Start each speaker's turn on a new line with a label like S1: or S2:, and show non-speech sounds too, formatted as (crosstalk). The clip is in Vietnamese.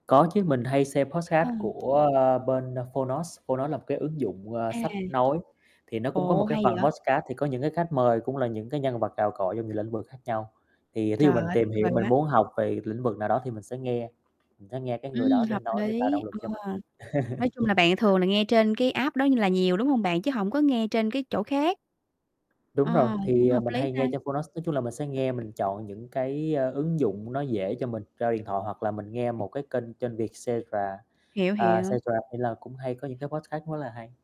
S1: Có chứ, mình hay xem podcast
S2: Ừm.
S1: của, ờ, bên Fonos, Fonos là một cái ứng dụng, à,
S2: À.
S1: sách nói, thì nó cũng có một
S2: Ồ.
S1: cái
S2: Hay
S1: phần
S2: vậy?
S1: podcast thì có những cái khách mời, cũng là những cái nhân vật cào cọ trong nhiều lĩnh vực khác nhau. Thì, thí dụ
S2: Trời
S1: mình
S2: ơi.
S1: tìm
S2: Tuyệt
S1: hiểu
S2: vời
S1: mình
S2: quá.
S1: muốn học về lĩnh vực nào đó thì mình sẽ nghe, mình sẽ nghe cái
S2: Ừm,
S1: người đó để
S2: hợp
S1: nói để tạo
S2: lý,
S1: động lực cho mình.
S2: ờ, nói chung là bạn thường là nghe trên cái
S1: (chuckles)
S2: app đó như là nhiều đúng hông bạn, chứ hổng có nghe trên cái chỗ khác.
S1: Đúng rồi,
S2: Ờ, cũng
S1: thì,
S2: hợp
S1: mình
S2: lý
S1: hay
S2: ta.
S1: nghe trên Fonos, nói chung là mình sẽ nghe, mình chọn những cái, a, ứng dụng nó dễ cho mình, cho điện thoại hoặc là mình nghe một cái kênh kênh Vietcetera
S2: Hiểu,
S1: à,
S2: hiểu.
S1: Vietcetera thì là cũng hay có những cái podcast rất là hay.